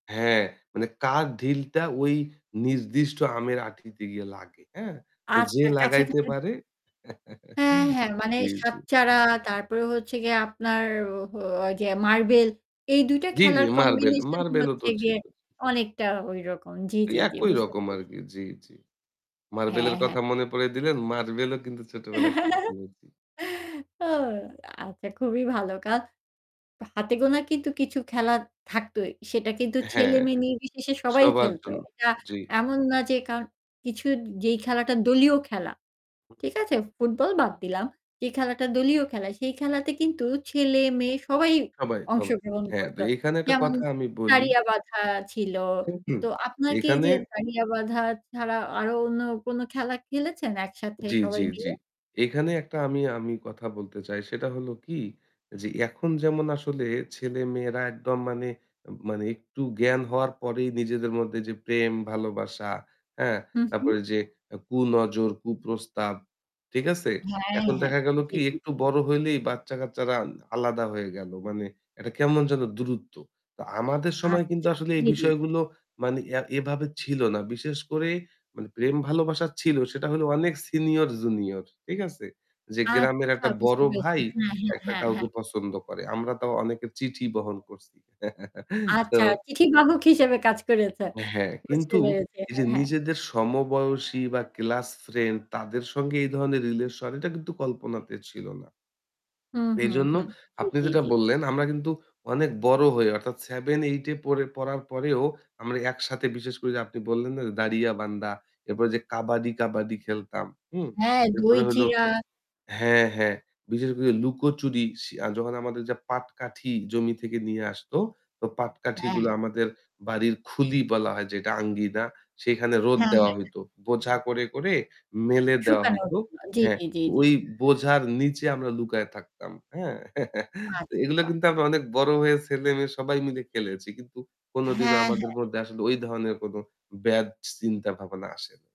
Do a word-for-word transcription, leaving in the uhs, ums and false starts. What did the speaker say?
হ্যাঁ, মানে কার ঢিলটা ওই নির্দিষ্ট আমের আঁটিতে গিয়ে লাগে। হ্যাঁ? তো যে আচ্ছা। লাগাইতে কাছাকাছি যে পারে হ্যাঁ, হ্যাঁ। মানে জি, জি। সাত-চাড়া, তারপরে হচ্ছে গিয়ে আপনার ও হো ওই যে মার্বেল, এই দুই টা জি, জি। খেলার মার্বেল, কম্বিনেশনই মার্বেলও তো হচ্ছে গিয়ে ছিল। অনেকটা ওইরকম। জি, ওই জি, জি। একই বুঝতে রকম পেরেছি। আরকি। জি, জি। হ্যাঁ, মার্বেলের হ্যাঁ। কথা মনে পড়িয়ে দিলেন। মার্বেলও কিন্তু ছোটবেলায় খেলেছি। ও আচ্ছা খুবই ভালো কাজ। হাতে গোনা কিন্তু কিছু খেলা থাকতোই। সেটা কিন্তু হ্যাঁ, হ্যাঁ। ছেলে-মেয়ে নির্বিশেষে সবাই সবার খেলতো। জন্য। এটা জি। এমন না যে কারণ কিছু যেই খেলাটা দলীয় খেলা, হুম। ঠিক আছে? ফুটবল বাদ দিলাম। যে খেলাটা দলীয় খেলা, সেই খেলাতে কিন্তু ছেলে, মেয়ে সবাই সবাই থবে অংশগ্রহণ হ্যাঁ, করত। তো এখানে একটা যেমন, কথা আমি বলি দাড়িয়াবাঁধা ছিল। হুম, হুম। তো আপনার কি এই এখানে যে দাড়িয়াবাঁধা ছাড়া আরও অন্য কোনো খেলা খেলেছেন একসাথে জি, সবাই জি, জি। মিলে? এখানে একটা আমি, আমি কথা বলতে চাই। সেটা হলো কী, যে এখন যেমন আসলে ছেলে-মেয়েরা একদম মানে, মানে একটু জ্ঞান হওয়ার পরেই নিজেদের মধ্যে যে প্রেম-ভালোবাসা, হ্যাঁ? হুম, হু। তারপরে যে আ কুনজর, কুপ্রস্তাব, ঠিক আছে? হ্যাঁ, এখন হ্যাঁ। দেখা গেল জি, কী জি, জি। একটু বড় হইলেই বাচ্চা-কাচ্চারা আলাদা হয়ে গেল। মানে একটা কেমন যেন দূরত্ব। তো আমাদের সময় কিন্তু আচ্ছা। আসলে এই জি, জি, জি। বিষয়গুলো মানে এ এভাবে ছিল না। বিশেষ করে মানে প্রেম-ভালোবাসা ছিল সেটা হলো অনেক সিনিয়র-জুনিয়র। ঠিক আছে? যে গ্রামের আচ্ছা। একটা বুঝতে বড় পেরেছি। ভাই হ্যাঁ, হ্যাঁ, একটা হ্যাঁ, কাউকে হ্যাঁ। পছন্দ করে। আমরা তাও অনেকের চিঠি বহন করছি। তো আচ্ছা। চিঠি বাহক হিসেবে কাজ করেছেন। হ্যাঁ, বুঝতে কিন্তু পেরেছি। এই হ্যাঁ, যে হ্যাঁ। নিজেদের সমবয়সী বা ক্লাস ফ্রেন্ড তাদের সঙ্গে এই ধরনের রিলেশন, এটা কিন্তু কল্পনাতে ছিল না। হুম, হুম, এজন্য হুম। জি, আপনি জি, যেটা জি। বললেন, আমরা কিন্তু অনেক বড় হয়ে, অর্থাৎ seven-eight এ পড়ে পড়ার পরেও আমরা একসাথে বিশেষ করে যে আপনি বললেন না যে, "দাড়িয়াবান্ধা।" এরপরে ওইযে কাবাডি, কাবাডি খেলতাম। হুম? হ্যাঁ, এরপরে হলো দই-চিড়া। হ্যাঁ, হ্যাঁ। বিশেষ করে লুকোচুরি শি আ যখন আমাদের ওইযে পাটকাঠি জমি থেকে নিয়ে আসত, তো পাটকাঠিগুলা হ্যাঁ। আমাদের বাড়ির খুলি বলা হয় যেটা আঙ্গিনা, সেইখানে রোদ হ্যাঁ, দেওয়া হ্যাঁ। হইত। বোঝা করে, করে মেলে দেওয়া শুকানোর হইত। জন্য। জি, হ্যাঁ, জি, জি, জি। ওই বোঝার নিচে আমরা লুকায় থাকতাম। হ্যাঁ? তো এগুলা আচ্ছা। কিন্তু আমরা অনেক বড় হয়ে ছেলে-মেয়ে সবাই মিলে খেলেছি। কিন্তু কোনোদিনও হ্যাঁ, আমাদের হ্যাঁ। মধ্যে আসলে ওই ধরনের কোনো ব্যাড চিন্তা-ভাবনা আসে নাই।